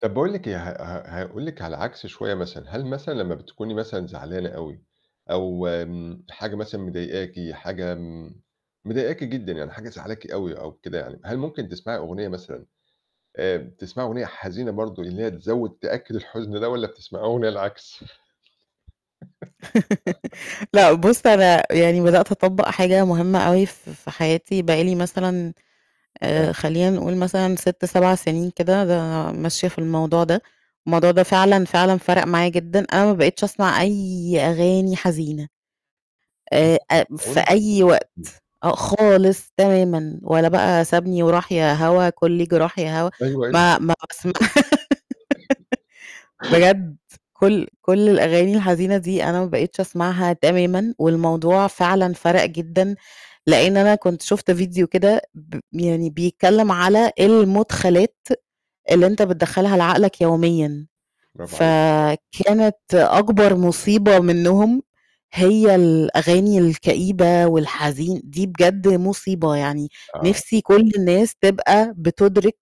طَب باقول لِك إيه، ه ه هاقول لِك على العكس شوية مثلًا، هل مثلًا لمّا بتكوني مثلًا زعلانة أوي أو م حاجة مثلًا مضايقاكِ، حاجة م مضايقاكِ جدًا يعني حاجة مزعّلاكِ أوي أو كده يعني، هل ممكن تسمعي أغنية مثلًا آآ بتسمعي أغنية حزينة برضه، اللي هي تزوّد، تأكّد الحُزن ده والّا بتسمعي أغنية العكس؟ لأ، بُص أنا يعني بدأت أطبّق حاجة مُهمة أوي ف في حياتي بقى لي مثلًا آآ فاه خلّينا نقول مثلًا 6، 7 سِنين كده ده ماشية في الموضوع ده، الموضوع ده فعلًا، فعلًا فَرَق معايا جدًا. أنا ما بقيتش أسمع أي أغاني حزينة، أهَم آآ حاجة آآ في [unintelligible] أي وقت إمم. آه، خالص تمامًا ولا بقى "سابني وراح يا هوا كلّي جراح يا هوا" أيوه أيوه ما ما باسم بجد كل كل الأغاني الحزينة دي أنا ما بقيتش أسمعها تمامًا والموضوع فعلًا فَرَق جدًا، لإن أنا كنت شُفت فيديو كده ب يعني بيتكلّم على المُدخَلات اللي أنت بتدخّلها لعقلك يوميًا، برافو عليكِ. ص فكانت أكبر مُصيبة منهم هي الأغاني الكئيبة والحزين دي بجد مُصيبة يعني آه. نِفْسي كل الناس تبقى بتُدرِك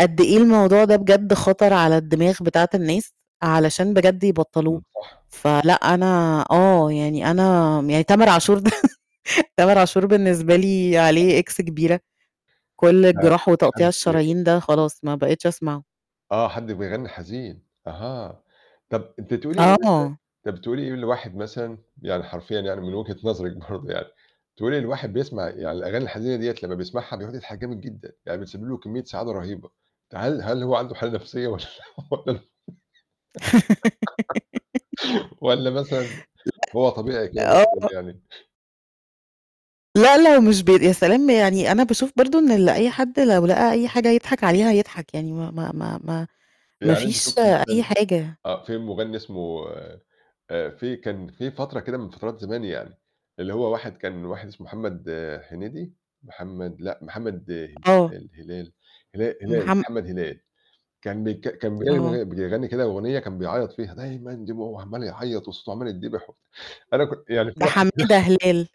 قد إيه الموضوع ده بجد خَطر على الدماغ بتاعة الناس علشان بجد يبطّلوه. إمم، صح. فلأ أنا آه، يعني أنا م يعني تامر عاشور ده، تامر عاشور بالنسبة لي عليه طبعًا. إكس كبيرة، كل الجراح وتقطيع الشرايين ده [unintelligible] خلاص ما بقيتش أسمعه. آه، حد بيغنّي حزين أها. طَب أنتِ تقولي إيه مثلًا آه. طَب تقولي إيه لواحد مثلًا يعني حرفيًا يعني من وِجهة نظرِك برضه يعني تقولي لواحد بيسمع يعني الأغاني الحزينة دِيّة لمّا بيسمعها بيقعُد يضحك جامد جدًا يعني بتسبب له كمّية سعادة رَهيبة، فهل هل هو عنده حالة نَفْسية والّا والّا والّا مثلًا لأ. هو طبيعي كده زي الفُل آه. يعني؟ لأ، لو مش ب يا سلام! يعني أنا باشوف برضه إن ال أي حد لو لقى أي حاجة يضحك عليها يضحك يعني ما ما ما ما ما يعني أنتِ فيش شُفتِ مثلًا أي حاجة. آه، في مغنّي اسمه آآ في كان في فَترة كده من فَترات زمان يعني اللي هو واحد كان واحد اسمه محمد هنيدي محمد لأ، محمد أي آه. الهلال هلا هلال، محم محمد هلال كان بيك كان بي آه. [unintelligible] بيغنّي كده أغنية كان بيعيّط فيها "دايمًا دموع" وعمّال يعيّط وصوته عمّال يتدبِح وبت أنا كنت يعني في ده واحد حمادة [unintelligible] هلال.